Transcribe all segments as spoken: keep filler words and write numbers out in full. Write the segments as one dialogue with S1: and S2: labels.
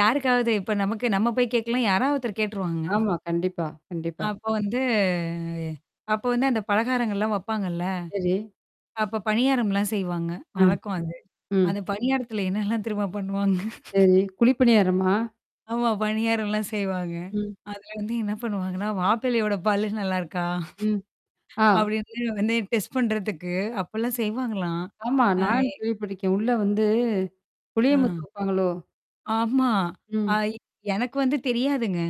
S1: யாருக்காவது இப்ப நமக்கு நம்ம போய் கேட்கலாம். யாராவது ஒருத்தர் கேட்டுருவாங்க?
S2: ஆமா, கண்டிப்பா, கண்டிப்பா.
S1: அப்போ வந்த அ அப்ப வந்து அந்த பலகாரங்கள்லாம் வப்பாங்கல்ல?
S2: சரி.
S1: அப்ப பணியாரம்லாம் செய்வாங்க.
S2: ஆ.
S1: வழக்கம் அது. அந்த
S2: ம்.
S1: பணியாரத்துல என்னெல்லாம் திருமா பண்ணுவாங்க?
S2: சரி. குழிப்பணியாரமா?
S1: ஆமா. பணியார்லாம் செய்வாங்க.
S2: ம்.
S1: அதுல வந்து என்ன பண்ணுவாங்கன்னா, மாப்பிள்ளையோட பல்லு நல்லாருக்கா?
S2: ம். ஆ.
S1: அப்பிடின்னு வந்து டெஸ்ட் பண்றதுக்கு, அப்பலாம் செய்வாங்களாம்.
S2: ஆமா.
S1: அதே
S2: நானும் கேள்விப்பட்டுக்கேன். உள்ள வந்து.
S1: ஆ.
S2: புளியமுத்து வப்பாங்களோ!
S1: ஆமா. அ
S2: ம்.
S1: எனக்கு வந்து தெரியாதுங்க.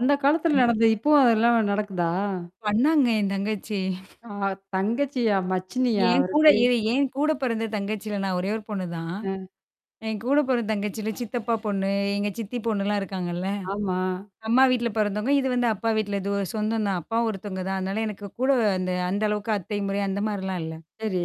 S2: அந்த காலத்துல
S1: ம்.
S2: நடந்த இப்பவும் அதெல்லாம் நடக்குதா?
S1: பண்ணாங்க என் தங்கச்சி.
S2: ஆ தங்கச்சியா மச்சினியா
S1: என்கூட
S2: அவருக்கு?
S1: எ என்கூட பிறந்த தங்கச்சில. நான் ஒரே ஒரு பொண்ணுதான்?
S2: அ.
S1: என்கூட பொறந்த தங்கச்சிலாம் சித்தப்பா பொண்ணு, எங்க சித்தி பொண்ணுலாம் இருக்காங்கல்ல?
S2: ஆமா.
S1: அம்மா வீட்ல பொறந்தவங்க. இது வந்து அப்பா வீட்ல இது ஒரு சொந்தம் தான். அப்பா ஒருத்தவுங்க தான். அதனால எனக்கு கூட அந்த, அந்த அளவுக்கு அத்தை முறை அந்த மாரிலாம் இல்ல.
S2: சரி.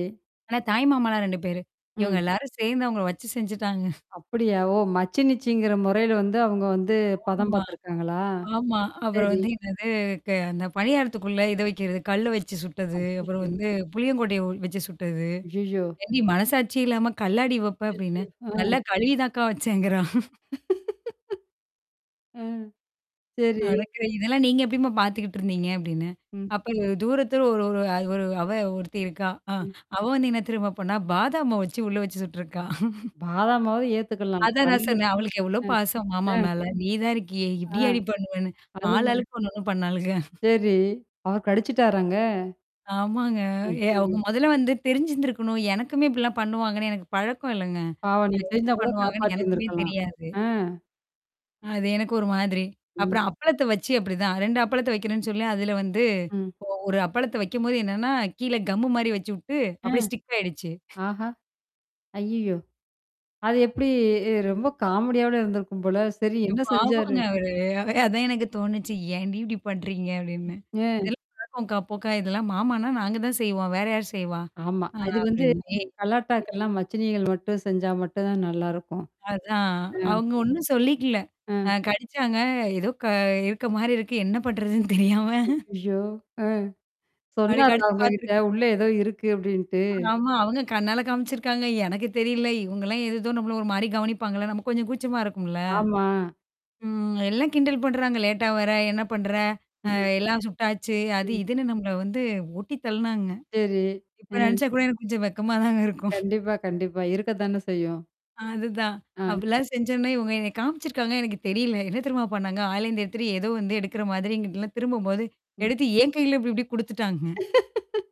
S1: ஆனா தாய் மாமாலாம் ரெண்டு பேரு. இவுங்க
S2: ம்.
S1: எல்லாரும் சேர்ந்து அவுங்கள வச்சு செஞ்சுட்டாங்க.
S2: அப்பிடியா? ஓ! மச்சினிச்சிங்கிற முறையில வந்து அவுங்க வந்து பதம்
S1: ஆமா
S2: பார்த்துருக்காங்களா?
S1: ஆமா. அப்புறம்
S2: சரி.
S1: வந்து என்னது க அந்த பணியாரத்துக்குள்ள இத வைக்கிறது, கல்ல வச்சு சுட்டது, அப்புறம்
S2: அச்சச்சோ!
S1: வந்து புளியங்கொட்டய வச்சு சுட்டது.
S2: ஐய்யய்யோ!
S1: ஏன்டி! மனசாட்சியே இல்லாம கல்லாடி வப்ப!
S2: அச்சச்சோ!
S1: அப்பிடின்னு.
S2: அ.
S1: நல்லா கழுவிதாக்கா வச்சேங்கிறா!
S2: ம். சரி.
S1: அடக்கு இதெல்லாம் நீங்க எப்பிடிம்மா பார்த்துக்கிட்டு இருந்தீங்க அப்பிடின்னேன்.
S2: ம்.
S1: அப்ப தூரத்தூர ஒரு ஒரு ஒரு அவ ஒருத்தி இருக்கா. அ
S2: ம்.
S1: அவ வந்து என்ன தெரியுமா பண்ணா, பாதாம் மாவ வச்சு உள்ள வச்சு சுட்ருக்கா.
S2: பாதாம் மாவு ஏத்துக்கலாம்.
S1: அதான் நான்
S2: கல்லு.
S1: சொன்னேன். அவளுக்கு எவ்ளோ பாசம்
S2: ம்,
S1: மாமா
S2: ம்.
S1: மேல. நீ தான் இருக்கிய
S2: ஆ.
S1: இப்பிடயாடி பண்ணுவேன்னு! ஆளு
S2: அதுதான்.
S1: ஆளுக்கு ஒன்னு ஒன்னு பண்ணாளுக.
S2: சரி. அவர் கடிச்சுட்டாராங்க.
S1: ஆமாங்க. எ அவுங்க
S2: அய்யய்யோ!
S1: முதலே வந்து தெரிஞ்சிருந்திருக்கணும். எனக்குமே இப்பிடிலாம் பண்ணுவாங்கன்னு எனக்கு பழக்கம் இல்லங்க.
S2: பாவம் நீ
S1: [unintelligible] என்ன
S2: தெரிஞ்சா கூட
S1: பண்ணுவாங்கன்னு
S2: காப்பாத்தி
S1: எனக்குமே
S2: இருந்திருக்கலாம்.
S1: தெரியாது.
S2: ஆ.
S1: அ அது எனக்கு ஒரு மாதிரி.
S2: ம்.
S1: அப்புறம் அப்பளத்த வச்சு அப்பிடிதான். ரெண்டு அப்பளத்த வைக்கிறேன்னு சொல்லி அதுல வந்து
S2: ம்.
S1: ஒ ஒரு அப்பளத்த வைக்கும்போது என்னன்னா, கீழ கம்மு மாரி வச்சு விட்டு
S2: அ.
S1: அப்பிடியே ஸ்டிக் ஆயிடுச்சு.
S2: ஆஹா! அயய்யோ! அது எப்பிடி எ ரொம்ப காமெடியாவுல இருந்திருக்கும் போல. சரி
S1: ஐயோ!
S2: என்ன செஞ்சாரு?
S1: பாவாங்க அவரு. அதே, அதான் எனக்கு தோணுச்சு." ஏன்டி! இப்பிடி பண்றீங்க அப்பிடின்னு."
S2: அ.
S1: [unintelligible] இதெல்லாம் மாமான்னா நாங்க தான் செய்வோம். வேற யார் செய்வா?
S2: ஆமா.
S1: ஆ
S2: அது வந்து.
S1: அப்பிடின்னு, ஏய்!
S2: கலாட்டாக்கெல்லாம் மச்சினிகள் மட்டும் செஞ்சா மட்டும் தான் நல்லாயிருக்கும்.
S1: அதான்.
S2: அ.
S1: அவுங்க ஒன்னும் சொல்லிக்கல. அ
S2: அ.
S1: கடிச்சாங்க. ஏதோ! க இருக்கமாரி இருக்கு. என்ன பண்றதுன்னு தெரியாம.
S2: அய்யய்யோ! அ
S1: அப்பிடி
S2: சொன்னாரா
S1: கடிச்சு
S2: உங்கக்கிட்ட.
S1: பார்த்துருக்கா.
S2: உள்ளே ஏதோ இருக்கு அப்பிடின்ட்டு.
S1: ஆமா. அவுங்க கண்ணால காமிச்சிருக்காங்க. எனக்கு தெரியல. இவுங்கலாம் ஏதோதோ நம்மள ஒருமாரி கவனிப்பாங்கள்ல. நம்ம கொஞ்சம் கூச்சமா இருக்கும்ல.
S2: ஆமா.
S1: ம். எல்லாம் கிண்டல் பண்றாங்க, லேட்டா வர என்ன பண்ற? அ
S2: ம்.
S1: எல்லாம் சுட்டாச்சு, அது
S2: ம்.
S1: இதுன்னு நம்மள வந்து ஓட்டி தள்னாங்க.
S2: சரி.
S1: இப்ப
S2: அ
S1: நெனச்சா கூட எனக்கு கொஞ்சம் வெக்கமா தாங்க இருக்கும்.
S2: கண்டிப்பா, கண்டிப்பா. இருக்கத்தானே செய்யும்.
S1: அதுதான்.
S2: அ.
S1: அப்பிடில்லாம் செஞ்சோன்னா, இவுங்க என்னைய காமிச்சிருக்காங்க, எனக்கு தெரியல. என்ன தெரியுமா பண்ணாங்க, [unintelligible] எதோ வந்து எடுக்கிற மாதிரி இங்கிட்லாம் திரும்பும்போது
S2: ம்.
S1: எடுத்து என் கையில இப்பிடி இப்பிடி குடுத்துட்டாங்க.